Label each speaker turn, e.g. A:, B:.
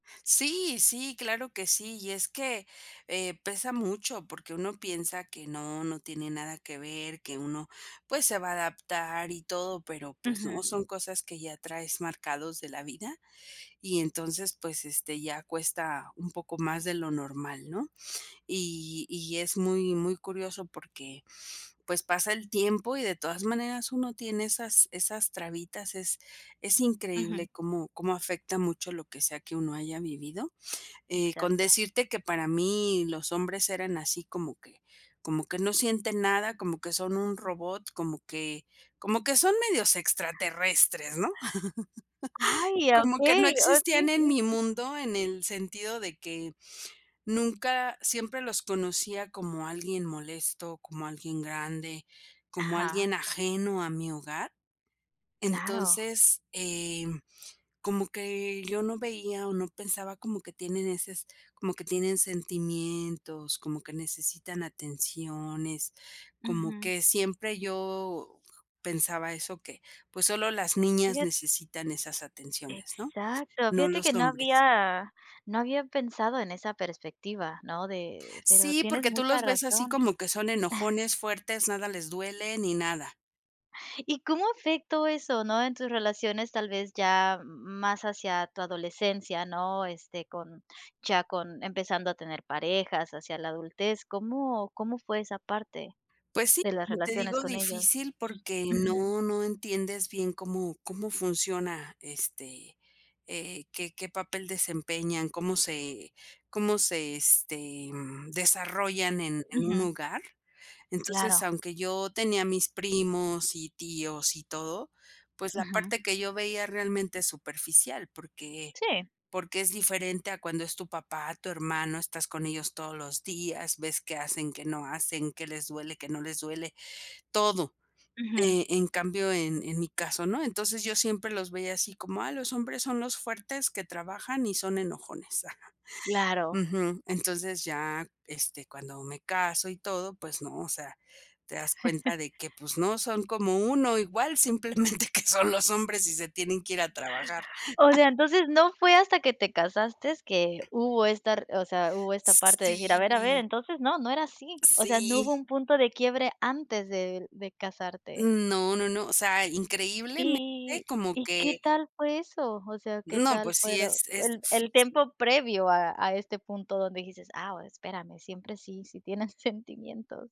A: Sí, sí, claro que sí. Y es que, eh, pesa mucho porque uno piensa que no, no tiene nada que ver, que uno, pues, se va a adaptar y todo, pero, pues, no,
B: Ujú.
A: son cosas que ya traes marcados de la vida. Y entonces, pues, este, ya cuesta un poco más de lo normal, ¿no? Y y es muy, muy curioso porque, pues, pasa el tiempo y, de todas maneras, uno tiene esas esas trabitas. Es es increíble
B: Ujú.
A: cómo cómo afecta mucho lo que sea que uno haya vivido. Eh, con
B: Exacto.
A: decirte que para mí los hombres eran así como que como que no sienten nada, como que son un robot, como que como que son medios extraterrestres, ¿no?
B: Ay,
A: Como que
B: okey.
A: no
B: Oh,
A: existían
B: sí,
A: en
B: sí,
A: mi
B: sí.
A: mundo, en el sentido de que nunca siempre los conocía como alguien molesto, como alguien grande, como
B: Ajá.
A: alguien ajeno a mi hogar.
B: Claro.
A: Entonces, em, como que yo no veía o no pensaba como que tienen ese s como que tienen sentimientos, como que necesitan atenciones. Como
B: Ujú.
A: que siempre yo pensaba eso, que, pues, solo las niñas
B: Fijat
A: necesitan esas atenciones, ¿no?
B: Exacto.
A: No
B: Fíjate que
A: los
B: no
A: hombres.
B: había no había pensado en esa perspectiva, ¿no? de pero
A: Sí,
B: tienes
A: porque tú
B: mucha
A: los ves así
B: razón.
A: como que son enojones, fuertes, nada les duele ni nada.
B: ¿Y cómo afectó eso, no? En tus relaciones tal vez ya más hacia tu adolescencia, ¿no? Este, con ya con empezando a tener parejas hacia la adultez, ¿cómo cómo fue esa parte
A: Pues sí,
B: de las
A: como te
B: relaciones
A: digo,
B: con ellos?
A: difícil porque
B: Ujú.
A: no no entiendes bien cómo cómo funciona, este, eh, qué qué papel desempeñan, cómo se cómo se, este, mm, desarrollan en en un
B: Ujú.
A: hogar. Entonces,
B: Claro.
A: aunque yo tenía mis primos, y tíos, y todo, pues, la
B: Ujú.
A: parte que yo veía realmente es superficial porque
B: Sí.
A: porque es diferente a cuando es tu papá, tu hermano, estás con ellos todos los días, ves qué hacen, qué no hacen, qué les duele, qué no les duele, todo.
B: Ujú.
A: Eh, en cambio, en en mi caso, no. Entonces yo siempre los veía así como, ah, los hombres son los fuertes que trabajan y son enojones. Ajá.
B: Claro.
A: Ujú. Entonces ya, este, cuando me caso y todo, pues, no, o sea, te das cuenta de que, pues no son como uno, igual, simplemente que son los hombres y se tienen que ir a trabajar.
B: O sea, entonces no fue hasta que te casaste que hubo esta r o sea, hubo esta parte de decir, a ver, a ver,
A: Sí.
B: entonces no, no era así. O sea, no
A: Sí.
B: hubo un punto de quiebre antes de de casarte.
A: No, no, no. O sea, increíblemente
B: ¿Y
A: como
B: y qué
A: que
B: tal fue eso? O sea, ¿qué
A: No,
B: tal
A: pues, sí
B: fuero
A: es es
B: el
A: f
B: el
A: [unintelligible]
B: tiempo previo a a este punto donde dijiste: "Ah, espérame, siempre sí, sí tienen sentimientos?".